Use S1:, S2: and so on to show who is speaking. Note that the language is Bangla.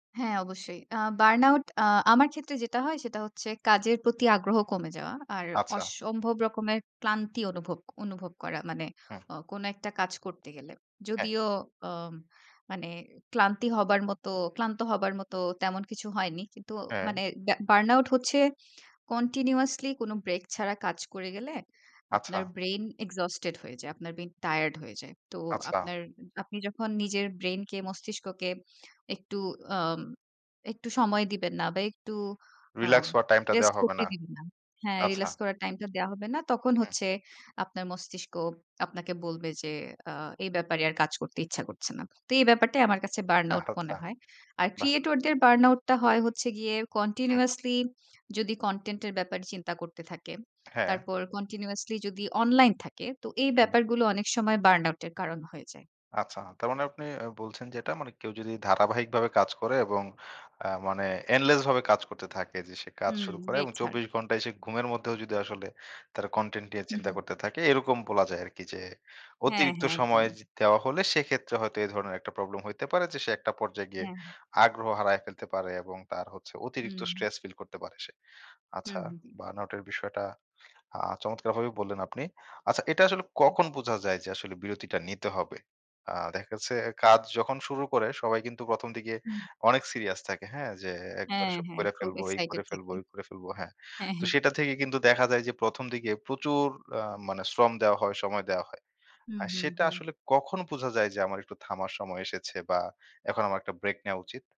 S1: হ্যাঁ, অবশ্যই। আ বার্ন আউট আ আমার ক্ষেত্রে যেটা হয় সেটা হচ্ছে কাজের প্রতি আগ্রহ কমে যাওয়া। আর
S2: আচ্ছা।
S1: অসম্ভব রকমের ক্লান্তি অনুভব অনুভব করা। মানে
S2: হুম।
S1: ও কোন একটা কাজ করতে গেলে।
S2: হ্যাঁ।
S1: যদিও ও মানে ক্লান্তি হবার মত ক্লান্ত হবার মত তেমন কিছু হয়নি। কিন্তু
S2: হ্যাঁ।
S1: মানে ব্যা বার্ন আউট হচ্ছে কন্টিনিউয়াসলি কোন ব্রেক ছাড়া কাজ করে গেলে
S2: আচ্ছা।
S1: আপনার ব্রেইন এক্সজোস্টেড হয়ে যায়। আপনার ব্রেইন টায়ার্ড হয়ে যায়। তো
S2: আচ্ছা।
S1: আপনার আপনি যখন নিজের ব্রেইনকে মস্তিষ্ককে একটু আ একটু সময় দিবেন না বা একটু আ
S2: রিল্যাক্স হওয়ার টাইমটা দেওয়া
S1: রেস্ট
S2: হবে
S1: করতে
S2: না,
S1: দিবেন না। হ্যাঁ,
S2: আচ্ছা।
S1: রিল্যাক্স করার টাইমটা দেয়া হবে না। তখন
S2: হুম।
S1: হচ্ছে আপনার মস্তিষ্ক আপনাকে বলবে যে আ এই ব্যাপারে আর কাজ করতে ইচ্ছা করছে না। তো এই ব্যাপারটাই আমার কাছে বার্ন আউট মনে
S2: আচ্ছা,
S1: হয়। আর
S2: বাহ!
S1: ক্রিয়েটরদের বার্ন আউটটা হয় হচ্ছে গিয়ে
S2: হুম।
S1: কন্টিনিউয়াসলি যদি কনটেন্টের ব্যাপারে চিন্তা করতে থাকে,
S2: হ্যাঁ।
S1: তারপর কন্টিনিউয়াসলি যদি অনলাইন থাকে তো এই
S2: হুম।
S1: ব্যাপারগুলো অনেক সময় বার্ন আউট এর কারণ হয়ে যায়।
S2: আচ্ছা। তার মানে আপনি আ বলছেন যে এটা মানে কেউ যদি ধারাবাহিকভাবে কাজ করে এবং আ মানে এন্ডলেস ভাবে কাজ করতে থাকে যে সে কাজ
S1: হুম,
S2: শুরু করে
S1: ব্রেক
S2: এবং
S1: ছাড়া।
S2: ২৪ ঘণ্টায় সে ঘুমের মধ্যেও যদি আসলে তারা কনটেন্ট নিয়ে চিন্তা
S1: উহুম।
S2: করতে থাকে এরকম বলা যায় আরকি যে
S1: হ্যাঁ,
S2: অতিরিক্ত
S1: হ্যাঁ
S2: সময়
S1: একদমই।
S2: দেওয়া হলে সেক্ষেত্রে হয়তো এ ধরনের একটা প্রবলেম হইতে পারে যে সে একটা পর্যায়ে গিয়ে
S1: হ্যাঁ, হ্যাঁ।
S2: আগ্রহ হারায় ফেলতে পারে এবং তার হচ্ছে অতিরিক্ত
S1: উহুম।
S2: স্ট্রেস ফিল করতে পারে সে। আচ্ছা
S1: হুম, হুম, হুম।
S2: বার্ন আউটের বিষয়টা আ চমৎকারভাবে বললেন আপনি। আচ্ছা এটা আসলে কখন বুঝা যায় যে আসলে বিরতিটা নিতে হবে? আ দেখা যাচ্ছে কাজ যখন শুরু করে সবাই কিন্তু প্রথম দিকে
S1: হুম।
S2: অনেক সিরিয়াস থাকে, হ্যাঁ? যে একবার
S1: হ্যাঁ,
S2: এসব
S1: হ্যাঁ
S2: করে
S1: খুব
S2: ফেলবো, এই
S1: এক্সাইটেড
S2: করে ফেলবো,
S1: থাকি।
S2: ওই করে ফেলবো, হ্যাঁ।
S1: হ্যাঁ,
S2: তো
S1: হ্যাঁ।
S2: সেটা থেকে কিন্তু দেখা যায় যে ১ম দিকে প্রচুর আ মানে শ্রম দেওয়া হয়, সময় দেওয়া হয়।
S1: হুম,
S2: আর
S1: হুম,
S2: সেটা
S1: হুম।
S2: আসলে কখন বুঝা যায় যে আমার একটু থামার সময় এসেছে বা এখন আমার একটা ব্রেক নেয়া উচিত?